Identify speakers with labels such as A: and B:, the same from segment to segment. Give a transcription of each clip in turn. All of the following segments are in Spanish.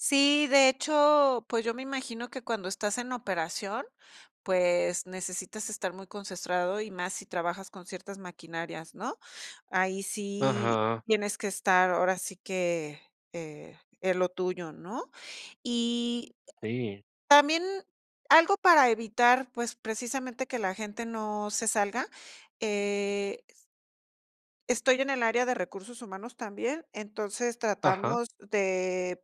A: Sí, de hecho, pues, yo me imagino que cuando estás en operación, pues, necesitas estar muy concentrado, y más si trabajas con ciertas maquinarias, ¿no? Ahí sí
B: Ajá.
A: tienes que estar, ahora sí que, eh, en lo tuyo, ¿no? Y
B: Sí.
A: también algo para evitar, pues, precisamente que la gente no se salga, eh Estoy en el área de recursos humanos también, entonces
B: Ajá.
A: tratamos de,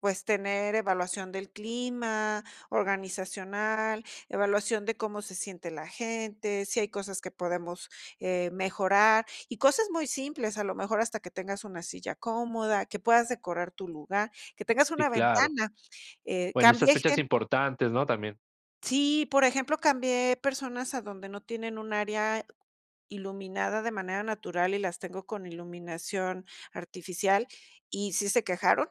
A: pues, tener evaluación del clima organizacional, evaluación de cómo se siente la gente, si hay cosas que podemos, eh, mejorar, y cosas muy simples, a lo mejor hasta que tengas una silla cómoda, que puedas decorar tu lugar, que tengas
B: Sí,
A: una
B: claro.
A: ventana. Eh,
B: Bueno, esas
A: cambie
B: fechas
A: gente
B: importantes, ¿no? También
A: sí, por ejemplo, cambié personas a donde no tienen un área iluminada de manera natural, y las tengo con iluminación artificial, y sí se quejaron.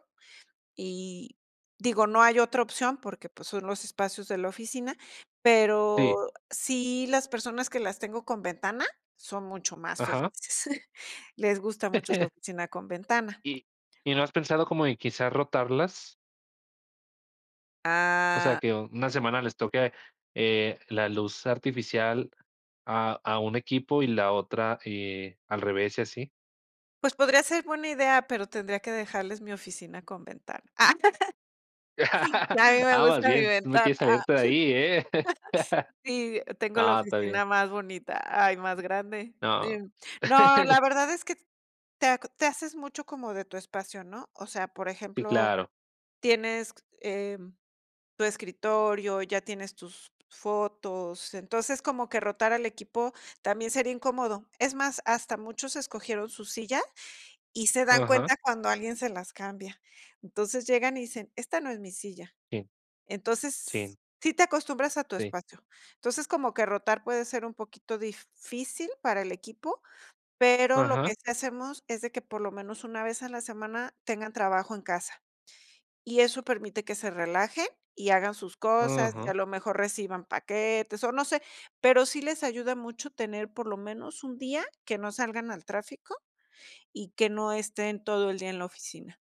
A: Y, digo, no hay otra opción porque, pues, son los espacios de la oficina,
B: Sí.
A: pero sí las personas que las tengo con ventana son mucho más
B: Ajá.
A: felices. Les gusta mucho su oficina con ventana.
B: ¿Y y no has pensado como en quizás rotarlas? O sea,
A: Ah.
B: que una semana les toque, eh, la luz artificial a a un equipo, y la otra, eh, al revés, y así.
A: Pues, podría ser buena idea, pero tendría que dejarles mi oficina con ventana. Y a mí me
B: Ah, más
A: gusta mi
B: bien, tú no
A: ventana.
B: quieres
A: Ah.
B: salirte de ahí, ¿eh?
A: Sí, tengo la
B: No, está bien.
A: oficina más bonita, ah, y más grande.
B: No.
A: No, la verdad es que te aco te haces mucho como de tu espacio, ¿no? O sea, por
B: Sí,
A: ejemplo,
B: claro.
A: tienes, em, tu escritorio, ya tienes tus fotos, entonces, como que rotar al equipo también sería incómodo. Es más, hasta muchos escogieron su silla, y se dan
B: Ajá.
A: cuenta cuando alguien se las cambia. Entonces llegan, y dicen: "Esta no es mi silla".
B: Sí. Sí.
A: Entonces, sí te acostumbras a tu
B: Sí.
A: espacio. Entonces, como que rotar puede ser un poquito difícil para el equipo, pero lo que
B: Ajá.
A: sí hacemos es de que, por lo menos, una vez a la semana tengan trabajo en casa. Y eso permite que se relajen y hagan sus cosas, y a
B: Ajá.
A: lo mejor reciban paquetes, o no sé, pero sí les ayuda mucho tener, por lo menos, un día que no salgan al tráfico y que no estén todo el día en la oficina.